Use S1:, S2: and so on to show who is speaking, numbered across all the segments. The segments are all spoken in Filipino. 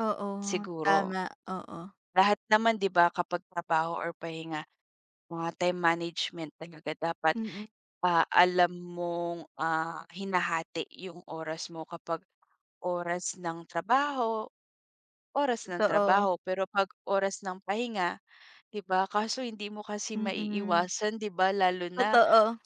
S1: Oo,
S2: Siguro.
S1: tama, oo.
S2: Lahat naman di ba kapag trabaho or pahinga, mga time management talaga dapat.
S1: Mm.
S2: Ah, alam mong ah, hinahati yung oras mo kapag, oras ng trabaho, oras ng
S1: Totoo.
S2: trabaho. Pero pag oras ng pahinga, di ba? Kaso hindi mo kasi
S1: Mm.
S2: maiiwasan di ba lalo na
S1: Totoo.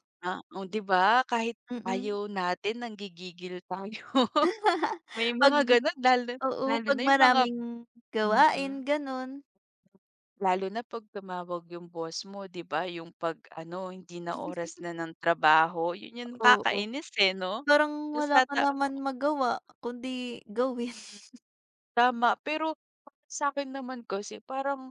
S2: oo di ba kahit
S1: Mm.
S2: ayaw natin nang-gigigil tayo. May
S1: Pag
S2: mga ganun lalo
S1: oo,
S2: lalo
S1: pag
S2: na yung mga p
S1: maraming gawain
S2: mm.
S1: ganun.
S2: Lalo na pag tumawag yung boss mo di ba yung pag ano, hindi na oras na ng trabaho, yun yung
S1: Oo.
S2: kakainis eh no?
S1: Parang
S2: Tapos
S1: wala ka
S2: tata
S1: naman magawa kundi gawin.
S2: Hmm, tama pero, para sakin naman kasi parang,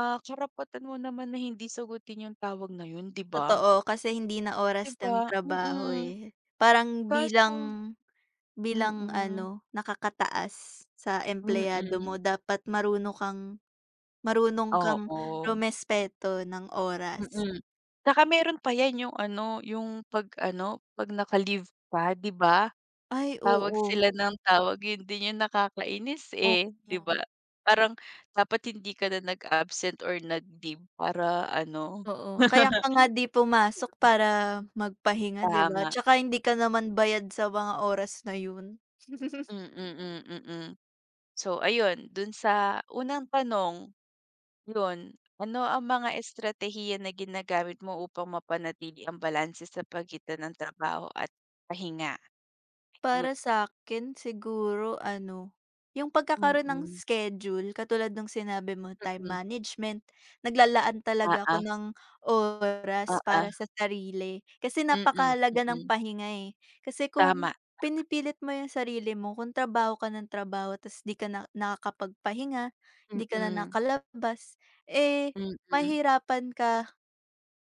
S2: ah, karapatan mo naman na hindi sagutin yung tawag na yun di ba?
S1: Totoo kasi hindi na
S2: Di
S1: oras ng
S2: ba?
S1: trabaho
S2: Mm.
S1: eh, parang
S2: Kaso
S1: bilang bilang
S2: mm.
S1: ano, nakaka-taas sa empleyado mo
S2: Mm.
S1: dapat marunong kang marunong kang
S2: Oo.
S1: rumespeto ng oras.
S2: Mm. Tsaka meron pa yan yung ano, yung pag-ano, pag-naka leave pa di ba?
S1: Ay,
S2: Tawag
S1: oo.
S2: sila ng tawag yun din yung nakakainis eh, di ba?
S1: Opo.
S2: Parang, dapat hindi ka na nag-absent or nag leave para ano.
S1: Oo kaya ka nga di pumasok para, mag-pahinga di ba,
S2: Tama.
S1: tsaka hindi ka naman bayad sa mga oras na yun.
S2: Mm, mm. So ayun, dun sa unang tanong. Yun, ano ang mga estratehiya na ginagamit mo upang mapanatili ang balanse sa pagitan ng trabaho at pahinga?
S1: Para
S2: Good.
S1: sakin siguro ano, yung pagkakaroon ng
S2: Hmm.
S1: schedule katulad nung sinabi mo, time
S2: Mm.
S1: management, nag-lalaan talaga
S2: Oo.
S1: ako ng oras
S2: Oo.
S1: para sa sarili, kasi
S2: Mm,
S1: napaka-halaga ng
S2: mm.
S1: pahinga eh. Kasi kung,
S2: Tama, tama.
S1: pinipilit mo yung sarili mo kung trabaho ka ng trabaho tapos di ka na nakakapagpahinga, hindi ka na
S2: Mm.
S1: nakalabas, eh,
S2: Mm.
S1: mahihirapan ka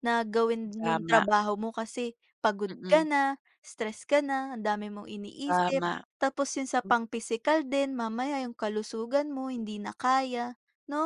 S1: na gawin yung
S2: Tama.
S1: trabaho mo kasi pagod ka
S2: Mm.
S1: na, stress ka na, ang dami mong iniisip,
S2: Tama,
S1: tapos yun sa
S2: m
S1: pang physical din mamaya yung kalusugan mo hindi na kaya, no?